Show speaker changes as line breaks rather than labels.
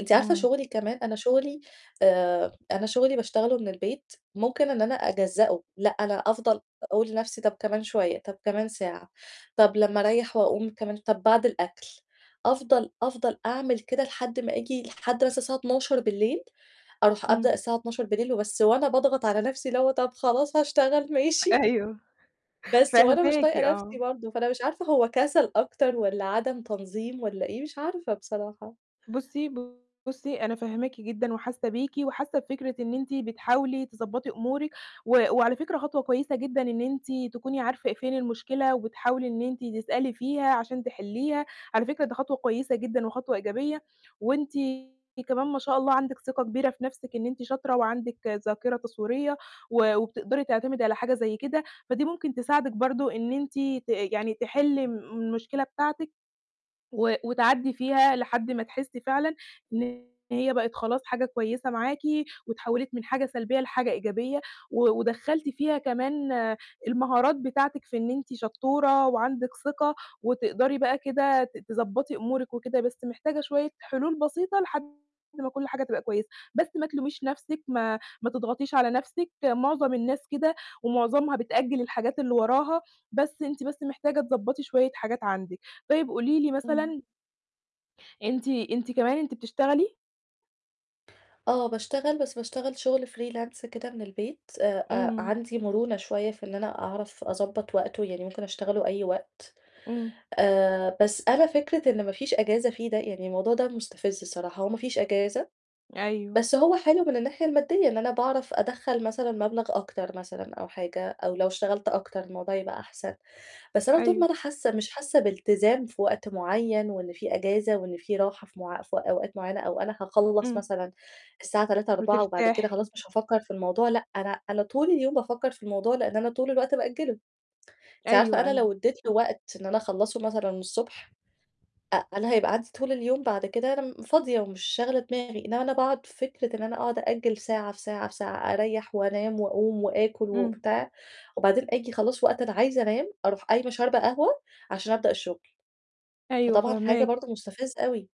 أنتِ عارفة
إمم.
شُغلي كمان، أنا شُغلي، آآ أنا شُغلي باشتغله من البيت، ممكن إن أنا أجزّأُه، لأ، أنا أفضل أقول لنَفْسي طَب كمان شوية، طَب كمان ساعة، طَب لمّا أريّح وأقوم كمان ش طَب بعد الأكل. أفضل أفضل أعمل كده لحد ما آجي لحد مثلًا الساعة 12:00 ص، أروح أبدأ
إمم.
الساعة 12:00 ص وبس وأنا باضغط على نَفْسي اللي هو طَب خلاص هاشتغل ماشي.
أيوه،
بس وأنا مش
فاهماكِ،
طايقة نَفْسي
آه.
برضه، فأنا مش عارفة هو كَسَل أكتر والّا عَدم تنظيم والّا إيه، مش عارفة بصراحة.
بُصّي، بُصّي أنا فاهماكِ جدًا وحاسّة بيكِ وحاسّة بفكرة إن أنتِ بتحاولي تضبّطي أمورِك، و وعلى فكرة خطوة كويسة جدًا إن أنتِ تكوني عارفة فين المشكلة وبتحاولي إن أنتِ تسألي فيها عشان تحلِّيها. على فكرة ده خطوة كويسة جدًا وخطوة إيجابية وأنتِ كمان ما شاء الله عندِك ثِقة كبيرة في نَفْسِك إن أنتِ شاطرة وعندِك ذاكرة تصويرية و وبتقدري تعتمدي على حاجة زي كده، فدي ممكن تساعدِك برضه إن أنتِ ت يعني تحِلّي م المشكلة بتاعتِك و وتعدّي فيها لحد ما تحسّي فعلًا إن هي بقت خلاص حاجة كويسة معاكِ واتحوّلِت من حاجة سلبية لحاجة إيجابية و ودخَّلتِ فيها كمان المهارات بتاعتِك في إن أنتِ شطورة وعندِك ثِقة وتقدري بقى كده ت تضبّطي أمورِك وكده، بس محتاجة شوية حُلول بسيطة لحد ما كل حاجة تبقى كويسة. بس ما تلوميش نَفْسِك، ما ما تضغطيش على نَفْسِك، مُعظم الناس كده ومُعظمها بتأجِّل الحاجات اللي وراها، بس أنتِ بس محتاجة تضبّطي شوية حاجات عندِك. طيب قولي لي
إمم.
مثلًا أنتِ أنتِ كمان أنتِ بتشتغلي؟
آه، باشتغل، بس باشتغل شُغل freelance كده من البيت آآ، آآ،
إمم.
عندي مُرونة شوية في إن أنا أعرف أضبّط وقته، يعني ممكن أشتغله أي وقت.
إمم.
آآ، بس أنا فكرة إن ما فيش أجازة فيه ده، يعني الموضوع ده مُستفز الصراحة هو ما فيش أجازة،
أيوه.
بس هو حلو من الناحية المادّية إن أنا باعرف أدخّل مثلًا مَبلغ أكتر مثلًا أو حاجة، أو لو اشتغلت أكتر الموضوع هيبقى أحسن. بس أنا طول ما
أيوه.
أنا حاسّة مش حاسّة بإلتزام في وقت معيّن وإن في أجازة وإن في راحة في مع في أوقات معيّنة أو أنا هاخلّص
إمم.
مثلًا الساعة 15:00، 16:00 وبعد كده
وترتاحي.
خلاص مش هافكّر في الموضوع، لأ، أنا أنا طول اليوم بافكّر في الموضوع لإن أنا طول الوقت بأجِّله. أنتِ عارفة
أيوه،
أنا
أيوه.
لو ادّيت له وقت إن أنا أخلّصه مثلًا الصبح، أ أنا هيبقى عندي طول اليوم بعد كده أنا م فاضية ومش شاغلة دماغي، إنّما أنا باقعُد في فكرة إن أنا أقعُد أأجِّل ساعة، في ساعة، في ساعة، أريّح وأنام وأقوم وآكُل
إمم.
وبتاع وبعدين آجي خلاص وقت أنا عايزة أنام، أروح قايمة شاربة قهوة عشان أبدأ الشُغل،
أيوه،
فطبعًا حاجة
فاهماكِ.
برضه مُستفزّة أوي.